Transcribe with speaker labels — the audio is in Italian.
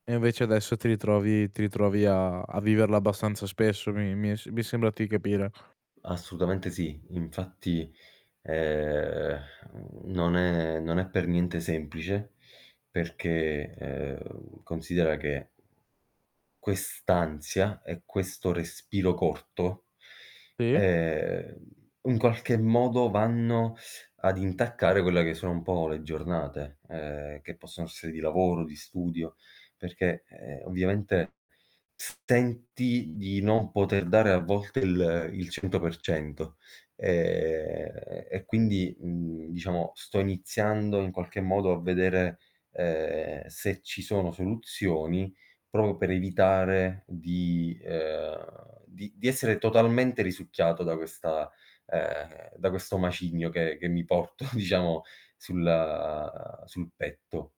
Speaker 1: E invece adesso ti ritrovi ti ritrovi a a viverla abbastanza spesso, mi mi è s mi sembra di capire.
Speaker 2: Assolutamente sì. Infatti, ehm, non è non è per niente semplice perché, ehm, considera che, quest'ansia e questo respiro corto,
Speaker 1: Sì.
Speaker 2: ehm, in qualche modo vanno ad intaccare quelle che sono un po' le giornate, ehm, che possono essere di lavoro, di studio, perché, ehm, ovviamente senti di non poter dare a volte il il 100% Ehm, e quindi, mhmm, diciamo sto iniziando in qualche modo a vedere, ehm, se ci sono soluzioni proprio per evitare di ehm, di di essere totalmente risucchiato da questa ehm, da questo macigno che che mi porto diciamo sul sul petto.